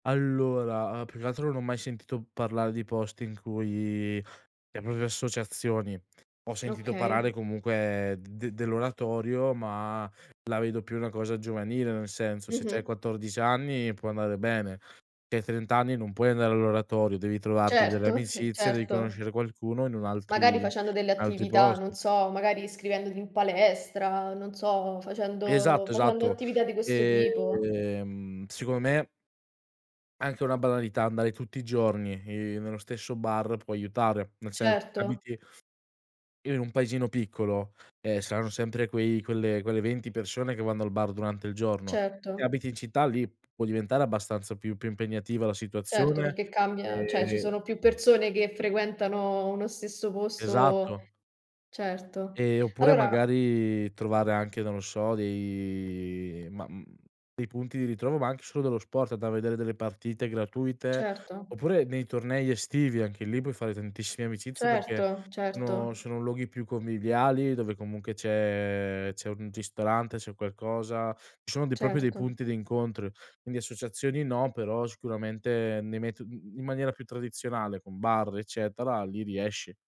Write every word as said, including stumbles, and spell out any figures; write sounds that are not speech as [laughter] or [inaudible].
Allora, uhm, più che altro non ho mai sentito parlare di posti in cui, le proprie associazioni ho sentito parlare Okay. comunque de dell'oratorio, ma la vedo più una cosa giovanile, nel senso se c'hai Mh-mh. quattordici anni può andare bene, hai trenta anni non puoi andare all'oratorio, devi trovarti delle Certo, [chuckles] amicizie, devi certo. conoscere qualcuno in un Magari altri in facendo delle altri attività, non posti. so, magari iscrivendoti in palestra, non so, facendo Esatto, facendo esatto. attività di questo tipo. ehm secondo me anche una banalità andare tutti i giorni, ehm, nello stesso bar può aiutare. Nel senso se Certo. abiti in un paesino piccolo, ehm, saranno sempre quei quelle quelle venti persone che vanno al bar durante il giorno. Se Certo. abiti in città lì può diventare abbastanza più più impegnativa la Certo, situazione perché cambia ceh ci ehm sono più persone che frequentano uno stesso posto Esatto. certo. Ehm, oppure Allora magari trovare anche, non lo so, dei ma, mhmm, dei punti di ritrovo, ma anche solo dello sport, da vedere delle partite gratuite, Certo. oppure nei tornei estivi anche lì puoi fare tantissime amicizie perché Certo, sono certo. sono luoghi più conviviali dove comunque c'è c'è un ristorante, c'è qualcosa, ci sono dei proprio dei Certo. punti di incontro. Quindi associazioni no, però sicuramente nei meto mhmm, in maniera più tradizionale con bar eccetera, lì riesci.